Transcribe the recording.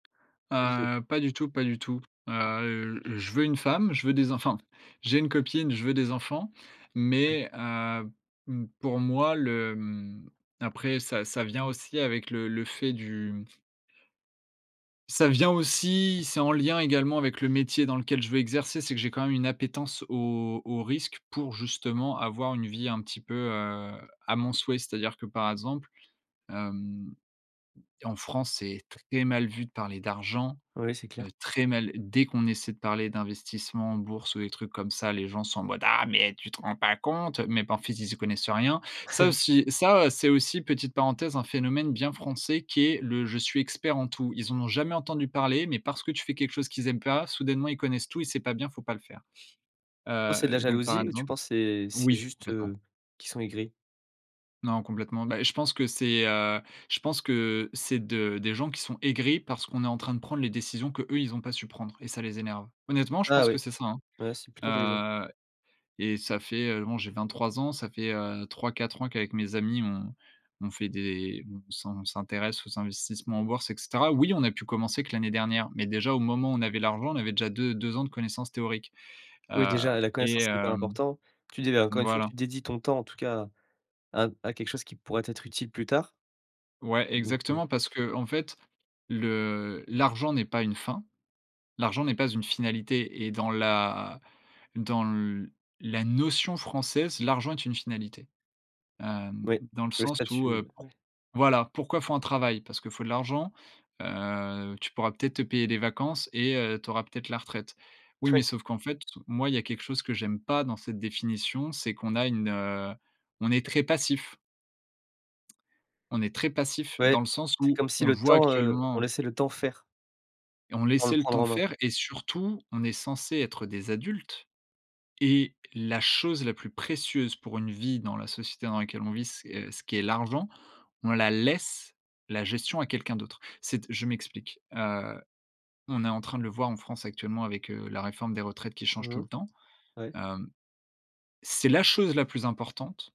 Bah disons Heu, pas du tout, pas du tout. Heu, je veux une femme, je veux des enf enfin, j'ai une copine, je veux des enfants mais, heu, m pour moi le, hem, après ça ça vient aussi avec le le fait du ça vient aussi, c'est en lien également avec le métier dans lequel je veux exercer. C'est que j'ai quand même une appétence au au risque pour justement avoir une vie un petit peu, heu, à mon souhait. C'est-à-dire que par exemple, hem, en France, c'est très mal vu de parler d'argent, Oui, c'est heu, clair. très mal. Dès qu'on essaie de parler d'investissement en bourse ou des trucs comme ça, les gens sont en mode: «Ah mais tu te rends pas compte!» Mais par contre ils y connaissent rien. Ça aussi, ça, heu, c'est aussi, petite parenthèse, un phénomène bien français qui est le: «Je suis expert en tout». Ils en ont jamais entendu parler, mais parce que tu fais quelque chose qu'ils aiment pas, soudainement ils connaissent tout et c'est pas bien, faut pas le faire. Soit c'est de la Heu, donc par jalousie ou tu exemple penses c'est c'est oui, juste, complètement. heu, qu'ils sont aigris? Non complètement. Bah et je pense que c'est, heu, je pense que, c'est de des gens qui sont aigris, parce qu'on est en train de prendre les décisions qu'eux ils ont pas su prendre et ça les énerve. Honnêtement je Ah pense que oui. c'est ça, hein. Ouais, c'est plutôt intelligent. Heu. Et ça fait, heu, bon j'ai 23 ans, ça fait, heu, 3-4 ans qu'avec mes amis on on fait des on s'in on s'intéresse aux investissements en bourse et cetera. Oui, a pu commencer que l'année dernière, mais déjà au moment où on avait l'argent, on avait déjà deux deux ans de connaissances théoriques. Oui Heu déjà, heu, la et connaissance c'est hyper hem important. Tu dis ben, encore une fois voilà. tu dédies ton temps en tout cas à à b à quelque chose qui pourrait t'être utile plus tard Ouais, donc, heu exactement, parce qu'en fait, le l'argent n'est pas une fin. L'argent n'est pas une finalité et dans la dans le la notion française, l'argent est une finalité. Hem, Oui. dans le Le sens où, statut. heu, pour Ouais. voilà, pourquoi il faut un travail? Parce que faut de l'argent. Heu, tu pourras peut-être te payer des vacances et heu, tu auras peut-être la retraite. Oui, mais Oui. sauf qu'en fait, moi il y a quelque chose que j'aime pas dans cette définition, c'est qu'on a une, heu on est très passif on est très passif dans Ouais, le sens c'est où comme si on le le voit temps, heu, on actuellement laissait le temps faire on avant de laissait le le prendre temps en main. faire et surtout, on est censé être des adultes et la chose la plus précieuse pour une vie dans la société dans laquelle on vit, c'est, heu, ce qui est l'argent, on la laisse la gestion à quelqu'un d'autre. C'est t je m'explique. Heu, on est en train de le voir en France actuellement avec, heu, la réforme des retraites qui change Mmh tout mh. le temps. Ouais. Hem. C'est la chose la plus importante.